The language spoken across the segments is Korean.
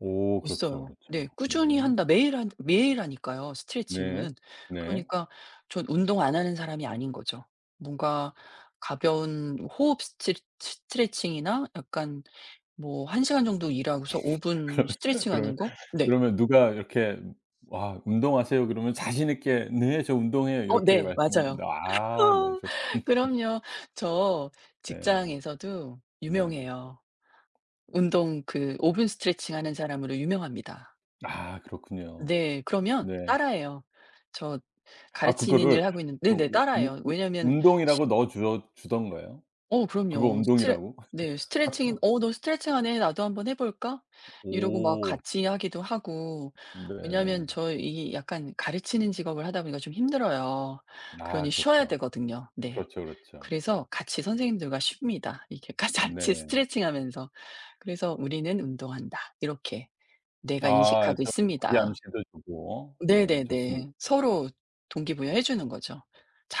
오 그렇죠, 있어요. 그렇죠. 네 꾸준히 네. 한다. 매일 한 매일 하니까요 네. 스트레칭은. 네. 그러니까 전 운동 안 하는 사람이 아닌 거죠. 뭔가 가벼운 호흡 스트레츠 스트레칭이나 약간 뭐 1 시간 정도 일하고서 5 분 그러면 스트레칭 그러면 하는 거? 네. 그러면 누가 이렇게 "와 운동하세요." 그러면 자신 있게 "네 저 운동해요." 어 이렇게 네 맞아요. 말씀하신다. 아 네 저 그럼요 저 네. 직장에서도 네. 유명해요. 운동 그 5 분 스트레칭 하는 사람으로 유명합니다. 아 그렇군요. 네 그러면 네. 따라 해요. 저 아 가르치는 그거를 일 하고 있는 그 네네 우 우 따라해요. 우 왜냐하면 시 운동이라고 넣어 줘 주던가요? 어 그거 그럼요. 스트레 운동이라고? 네 스트레칭이 "어 너 스트레칭하네 나도 한번 해 볼까?" 이러고 막 오. 같이 하기도 하고. 네. 왜냐하면 저 이 약간 가르치는 직업을 하다 보니까 좀 힘들어요. 아 그러니 쉬어야 그렇죠. 되거든요. 네. 그렇죠, 그렇죠. 그래서 같이 선생님들과 쉽니다. 이렇게 가 같이 네. 스트레칭 하면서. 그래서 '우리는 운동한다.' 이렇게 뇌가 아 인식하고 저 있습니다. 자기암시도 주고. 네 좋습니다. 네네네. 서로 동기부여 해 주는 거죠.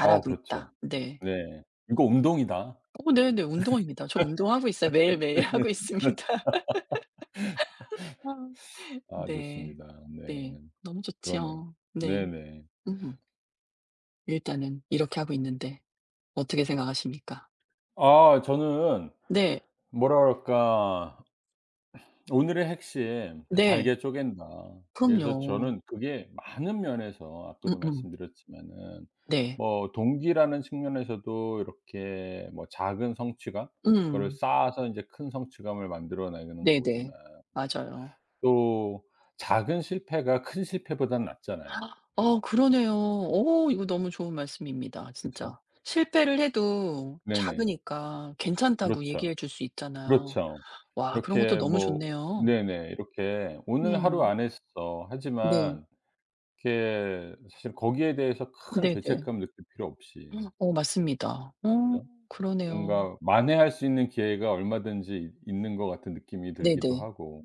어 있다.' 그렇죠. 네. 네 "이거 운동이다." 어 네네 운동입니다. 저 운동하고 있어요. 매일매일 네 하고 그렇죠. 있습니다. 아 아 네. 좋습니다. 네. 네. 너무 그러네요. 좋죠. 네. 네네. 음. 일단은 이렇게 하고 있는데 어떻게 생각하십니까? 아 저는 네. 뭐라 그럴까. 오늘의 핵심 그 네. '잘게 쪼갠다.' 그래서 그럼요. 저는 그게 많은 면에서 아까도 음음. 말씀드렸지만은 네. 뭐 동기라는 측면에서도 이렇게 뭐 작은 성취감? 그거를 음. 쌓아서 이제 큰 성취감을 만들어내는 거지만 네네. 맞아요. 또 작은 실패가 큰 실패보단 낫잖아요. 아 그러네요. 오 이거 너무 좋은 말씀입니다 그쵸. 진짜. 실패를 해도 네네. 작으니까 괜찮다고 그렇죠. 얘기해 줄 수 있잖아요. 그렇죠. 와 그런 것도 이렇게 너무 뭐 좋네요. 네네 이렇게 '오늘 하루 음. 안 했어.' 네. 하지만 이렇게 사실 거기에 대해서 큰 네네. 죄책감 느낄 필요 없이. 어 맞습니다. 어 그죠? 그러네요. 뭔가 만회할 수 있는 기회가 얼마든지 있 있는 것 같은 느낌이 들기도 네네. 하고.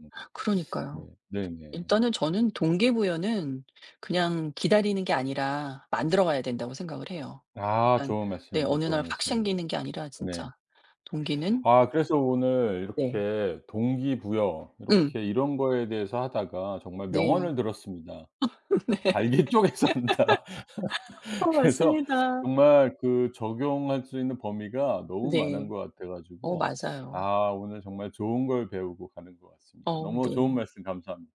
네 그러니까요. 네네. 일단은 저는 동기부여는 그냥 기다리는 게 아니라 만들어가야 된다고 생각을 해요. 아 일단 좋은 네 말씀입니다 어느 날 좋은 확 말씀. 생기는 게 아니라 네. 진짜 동기는 아 그래서 오늘 네. 이렇게 동기부여 음. 이렇게 이런 거에 대해서 하다가 정말 네. 명언을 들었습니다. 네. "잘게 쪼개 산다." 어 그래서 맞습니다. 정말 그 적용할 수 있는 범위가 너무 네. 많은 것 같아 어 가지고 맞아요. 아 오늘 정말 좋은 걸 배우고 가는 것 같습니다. 어 너무 좋은 네. 말씀 감사합니다.